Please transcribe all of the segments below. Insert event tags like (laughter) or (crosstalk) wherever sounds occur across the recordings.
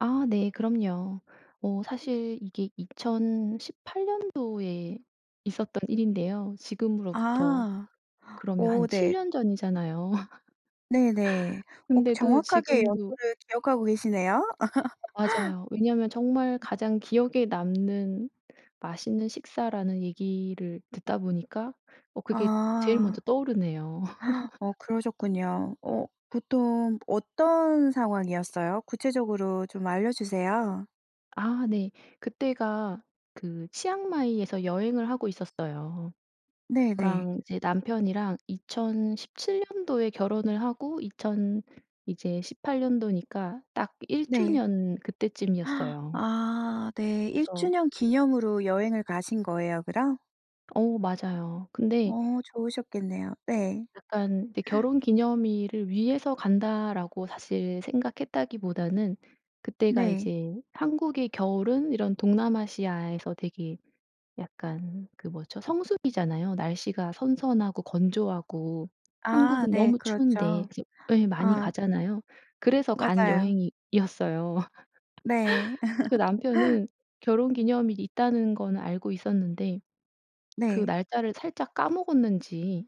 아. 네. 그럼요. 어 사실 이게 2018 년도에 있었던 일인데요. 지금으로부터 아. 그러면 한 오 7 네. 년 전이잖아요. 네네. (laughs) 꼭 근데도 정확하게 지금도 여부를 기억하고 계시네요. (laughs) 맞아요. 왜냐하면 정말 가장 기억에 남는 맛있는 식사라는 얘기를 듣다 보니까 어 그게 제일 아. 먼저 떠오르네요. 어 (laughs) 그러셨군요. 어 보통 어떤 상황이었어요? 구체적으로 좀 알려주세요. 아. 네. 그때가 그 치앙마이에서 여행을 하고 있었어요. 네네. 저랑 이제 남편이랑 2017 년도에 결혼을 하고 2000 이제 18 년도니까 딱 1 네. 주년 (gasps) 그때쯤이었어요. 아 네. 1 그래서 주년 기념으로 여행을 가신 거예요 그럼? 어 맞아요. 근데 어. 좋으셨겠네요. 네. 약간 근데 (gasps) '결혼 기념일을 위해서 간다.'라고 사실 생각했다기보다는 그때가 네. 이제 한국의 겨울은 이런 동남아시아에서 되게 약간 그 뭐죠? 성수기잖아요. 날씨가 선선하고 건조하고 아. 한국은 네. 너무 추운데. 그렇죠. 그래서 예 (gasps) 많이 아. 가잖아요. 그래서 간 맞아요. 여행이었어요. 네. (laughs) 그 (laughs) 남편은 결혼 기념일이 있다는 건 알고 있었는데 그 네. 날짜를 살짝 까먹었는지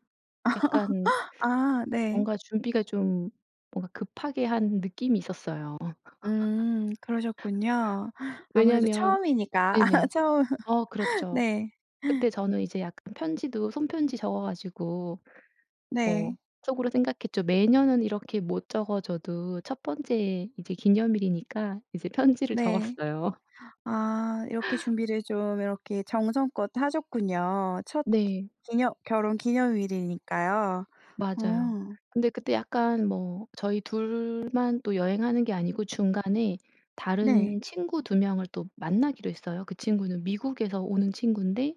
약간 (laughs) 아. 네. 뭔가 준비가 좀 뭔가 급하게 한 느낌이 있었어요. 음. 그러셨군요. (laughs) 아무래도 왜냐하면 처음이니까 아 네네. 처음 어 그렇죠. 네. 그때 저는 이제 약간 편지도 손 편지 적어 가지고 뭐 네. 속으로 생각했죠. 매년은 이렇게 못 적어 줘도 첫 번째 이제 기념일이니까 이제 편지를 네. 적었어요. 아. 이렇게 준비를 좀 이렇게 정성껏 하셨군요. 첫 기 네. 기념 결혼 기념일이니까요. 맞아요. 음. 근데 그때 약간 뭐 저희 둘만 또 여행하는 게 아니고 중간에 네. 다른 친구 2 명을 또 만나기로 했어요. 그 친구는 미국에서 오는 친군데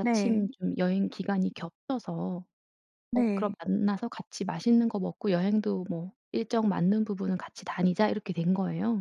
네. 좀 여행 기간이 겹쳐서 어 그럼 네. 만나서 같이 맛있는 거 먹고 여행도 뭐 일정 맞는 부분은 같이 다니자 이렇게 된 거예요.